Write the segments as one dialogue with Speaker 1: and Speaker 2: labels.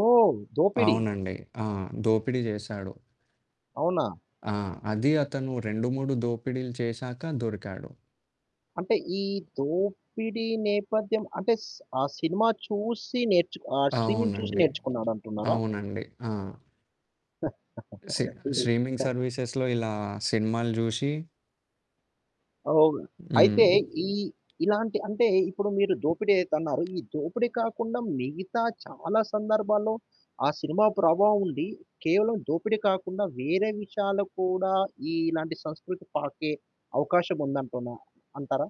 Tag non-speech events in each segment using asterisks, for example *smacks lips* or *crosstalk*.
Speaker 1: ఓహ్! దోపిడి.
Speaker 2: అవునండి. ఆ! దోపిడి జేశాడు.
Speaker 1: అవునా!
Speaker 2: ఆ! అది అతను 2, 3 దోపిడీలు చేశాక దొరికాడు.
Speaker 1: అంటే ఈ దోపిడి నేపథ్యం అంటే స్ ఆ సినిమా చూసి నేర్చు ఆ స్ట్రీమింగ్ చూసి
Speaker 2: అవునండి.
Speaker 1: నేర్చుకున్నాడంటున్నారా?
Speaker 2: అవునండి. ఆ! సి
Speaker 1: *chuckles* ఇది.
Speaker 2: స్ట్రీమింగ్ సర్వీసెస్‌లో ఇలా సినిమాలు జూసి
Speaker 1: అవును.
Speaker 2: హ్మ్.
Speaker 1: అయితే ఈ ఇలాంటి అంటే ఇప్పుడు మీరు దోపిడి అయితే అన్నారు. ఈ దోపిడి కాకుండా మిగతా చాలా సందర్భాల్లో ఆ సినిమా ప్రభావం ఉండి, కేవలం దోపిడి కాకుండా వేరే విషయాలు కూడా ఈ ఇలాంటి సంస్కృతి పాకే అవకాశం ఉందంటున్నా అంటారా?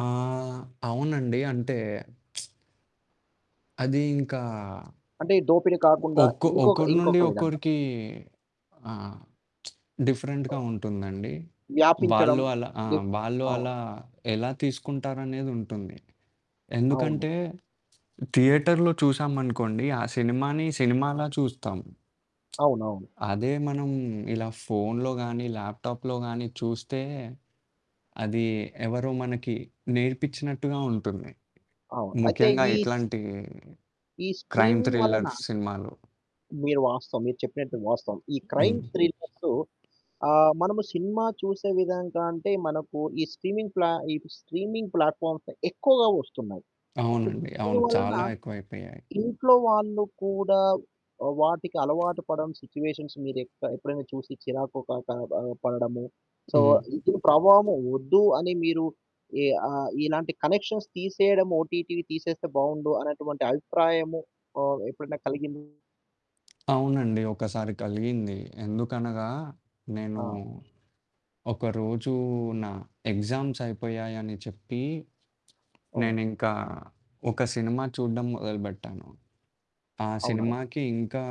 Speaker 2: ఆహ్, అవునండి. అంటే *smacks lips* అదీ ఇంకా
Speaker 1: అంటే దోపిడి కాకుండా
Speaker 2: ఒక్క
Speaker 1: ఇంకొక
Speaker 2: ఒకరి నుండి
Speaker 1: ఇంకొక విధంగా.
Speaker 2: ఒక్కరికి ఆ *smacks lips*
Speaker 1: ఆ!
Speaker 2: డిఫరెంట్‌గా ఉంటుందండి.
Speaker 1: వ్యాపించడం.
Speaker 2: వాళ్ళు అలా ఆ!
Speaker 1: జ
Speaker 2: వాళ్ళు
Speaker 1: ఆ!
Speaker 2: అలా ఎలా తీసుకుంటారనేదుంటుంది.
Speaker 1: అవును.
Speaker 2: ఎందుకంటే థియేటర్‌లో చూసామనుకోండి. ఆ సినిమాని సినిమాల చూస్తాం. *smacks lips*
Speaker 1: అవునవును.
Speaker 2: అదే మనం ఇలా ఫోన్‌లో గాని, ల్యాప్‌టాప్‌లో గాని, చూస్తే అది ఎవరో మనకి నేర్పిచ్చినట్టుగా ఉంటుంది.
Speaker 1: అవును. అయితే
Speaker 2: ముఖ్యంగా
Speaker 1: ఈ...
Speaker 2: ఇట్లాంటి,
Speaker 1: ఈ
Speaker 2: క్రైమ్
Speaker 1: స్ట్రీమింగ్ వలన
Speaker 2: థ్రిలర్ సినిమాలు.
Speaker 1: మీరు వాస్తవం మీరు చెప్పినట్టు వాస్తవం. ఈ
Speaker 2: హ్మ్.
Speaker 1: క్రైమ్
Speaker 2: హ్మ్.
Speaker 1: థ్రిల్లర్స్ ఆ! మనము సినిమా చూసే విధంగా అంటే మనకు ఈ స్ట్రీమింగ్ ప్లా ఈ స్ట్రీమింగ్ ప్లాట్‌ఫామ్స్ ఎక్కువగా ఒస్తున్నాయి. సొ
Speaker 2: అవునండి. అవును.
Speaker 1: దీనివలన
Speaker 2: చాలా ఎక్కువైపోయాయి.
Speaker 1: ఇంట్లో వాళ్ళు కూడా ఆహ్, వాటికలవాటు పడం సిచ్యుయేషన్స్ మీరు ఎక్క ఎప్పుడైనా చూసి చిరాకు కా క ఆహ్, పడడము. సో
Speaker 2: హ్మ్.
Speaker 1: ఇటిని ప్రభావం ఒద్దు అని మీరు ఈ ఆహ్, ఇలాంటి కనెక్షన్స్ తీసేయడం ఓటీటీవి తీసేస్తే బావుండు అన్నటువంటి అభిప్రాయము ఆహ్, ఎప్పుడైనా కలిగిింది?
Speaker 2: అవునండి. ఒక్కసారి కలిగింది. ఎందుకనగా. నేను
Speaker 1: ఆ!
Speaker 2: ఒకరోజు నా ఎగ్జామ్స్ అయిపోయాయని చెప్పి,
Speaker 1: ఓహ్!
Speaker 2: నేనింకా ఒక సినిమా చూడ్డం మొదలుబెట్టాను. ఆ
Speaker 1: అవునా!
Speaker 2: సినిమాకి ఇంకా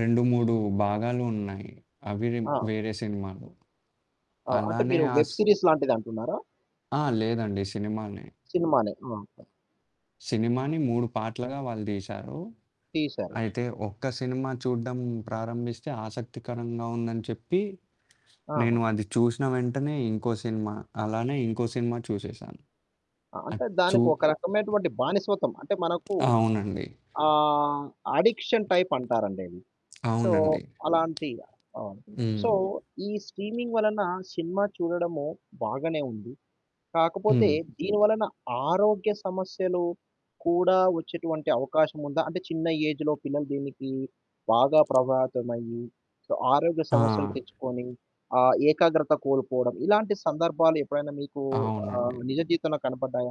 Speaker 2: 2, 3 భాగాలున్నాయి. అవిరి
Speaker 1: ఆ!
Speaker 2: వేరే సినిమాలు.
Speaker 1: ఆ! అంటే
Speaker 2: అలానే
Speaker 1: మీరు వెబ్
Speaker 2: ఆస్
Speaker 1: సీరీస్ లాంటిదంటున్నారా?
Speaker 2: ఆ! లేదండి సినిమానే.
Speaker 1: సినిమానే. ఓకె.
Speaker 2: సినిమాని 3 పార్ట్లుగా వాళ్ళు దీశారు.
Speaker 1: తీసారు.
Speaker 2: అయితే ఒక్క సినిమా చూడడం ప్రారంభిస్తే ఆసక్తికరంగా ఉందని చెప్పి. నేను
Speaker 1: ఆహా!
Speaker 2: అది చూశిన వెంటనే ఇంకో సినిమా, అలానే ఇంకో సినిమా చూసేసాను.
Speaker 1: ఆ! అంటే
Speaker 2: అచ్చు
Speaker 1: దానికొక రకమైనటువంటి బానిస్వతం అంటే మనకు
Speaker 2: అవునండి.
Speaker 1: ఆహ్, అడిక్షన్ టైప్ అంటారండది. సో,
Speaker 2: అవునండి.
Speaker 1: అలాంటి అవును. సో,
Speaker 2: హ్మ్.
Speaker 1: ఈ స్ట్రీమింగ్ వలన సినిమా చూడడము బాగానే ఉంది. కాకపోతే
Speaker 2: హ్మ్.
Speaker 1: దీనివలన ఆరోగ్య సమస్యలు కూడా వచ్చేటువంటి అవకాశం ఉందా? అంటే చిన్న ఏజ్‌లో పిల్లలు దీనికి బాగా ప్రభావితమయ్యి. సో ఆరోగ్య సమస్యలు
Speaker 2: ఆ!
Speaker 1: తెచ్చుకొని. ఆ ఏకాగ్రత కోల్పోవడం. ఇలాంటి సందర్భాలెప్పుడైనా మీకు
Speaker 2: అవునండి.
Speaker 1: ఆహ్, నిజ జీవితంలో కనపడ్డాయా?